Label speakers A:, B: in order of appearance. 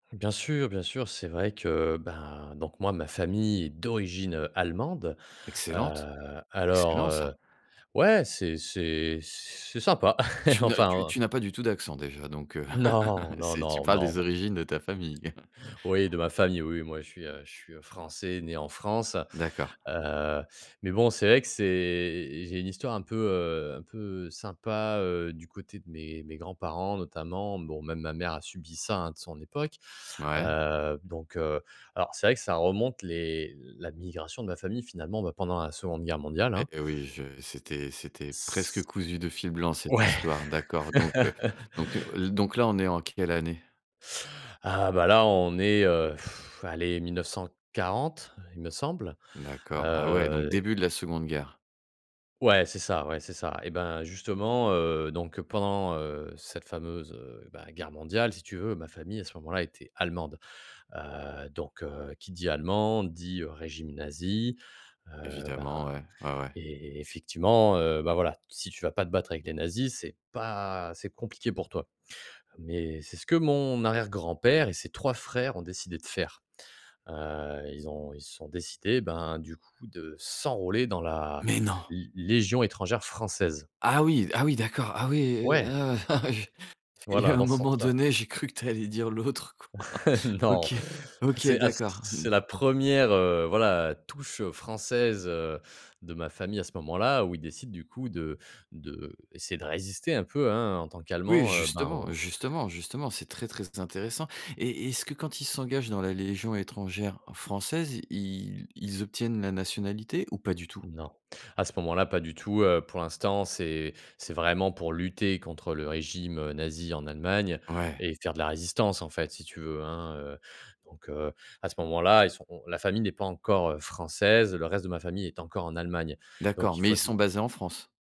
A: Bien sûr, bien sûr. C'est vrai que, ben, donc moi, ma famille est d'origine, heu, allemande.
B: Excellente,
A: Heu, alors,
B: excellent,
A: heu,
B: ça.
A: ouais, c'est c'est c'est sympa.
B: Tu n'as tu
A: Enfin, heu
B: tu n'as pas du tout d'accent déjà, donc, heu,
A: Non, non,
B: c'est tu
A: non,
B: parles des
A: non.
B: origines de ta famille.
A: Oui, de ma famille. Oui, moi, je suis, heu, je suis, heu, français, né en France.
B: D'accord.
A: Heu, mais bon, c'est vrai que c'est j'ai une histoire un peu, heu, un peu sympa, heu, du côté de mes de mes grands-parents, notamment. Bon, même ma mère a subi ça, hein, de son époque.
B: Mouais.
A: Heu, donc, heu, alors c'est vrai que ça remonte les l la migration de ma famille, finalement, bah, pendant la 2de guerre mondiale, hein.
B: Et oui, je c'était c'était presque
A: C
B: cousu de fil blanc, cette
A: Ouais.
B: histoire. D'accord, donc, heu, donc, heu, l donc là, on est en quelle année?
A: Ah, bah, là, on est, heu, allez, 1940, il me semble,
B: D'accord, ah ouais, donc
A: heu.
B: début de la 2de guerre.
A: Ouais, c'est ça. Ouais, c'est ça. Eh ben, justement, heu, donc pendant, heu, cette fameuse, heu, bah, guerre mondiale, si tu veux, ma famille, à ce moment-là, était allemande. Heu, donc, heu, qui dit allemand, dit, heu, régime nazi. Heu,
B: Évidemment,
A: ben
B: ouais, ouais, ouais.
A: et effectivement, heu, bah, voilà, si tu vas pas te battre avec les nazis, c'est pas c'est compliqué pour toi, mais c'est ce que mon arrière-grand-père et ses 3 frères ont décidé de faire. Heu, ils ont ils se sont décidés, ben, du coup, de s'enrôler dans la
B: Mais non!
A: l légion étrangère française.
B: Ah oui! Ah oui, d'accord. Ah oui, et
A: Ouais!
B: heu, ah ouais je il y a
A: Voilà,
B: un
A: dans ce
B: moment
A: sens-là.
B: donné, j'ai cru que tu allais dire l'autre, quoi.
A: Non,
B: OK, OK,
A: c'est à c
B: d'accord. Mmh
A: c'est la 1re, heu, voilà, touche française, heu, de ma famille, à ce moment-là, où ils décident, du coup, de d'essayer de résister un peu, hein, en tant
B: Oui,
A: qu'allemands, heu, ben,
B: justement,
A: au
B: justement, justement, c'est très, très intéressant, et est-ce que quand ils s'engagent dans la légion étrangère française, ils ils obtiennent la nationalité ou pas du tout?
A: Non, à ce moment-là, pas du tout, heu. Pour l'instant, c'est c'est vraiment pour lutter contre le régime, heu, nazi en Allemagne
B: Ouais.
A: et faire de la résistance, en fait, si tu veux, hein, heu, donc, heu, à ce moment-là, ils sont on la famille n'est pas encore, heu, française. Le reste de ma famille est encore en Allemagne, donc
B: D'accord,
A: il
B: mais
A: faut
B: ils
A: s'i
B: sont basés en France?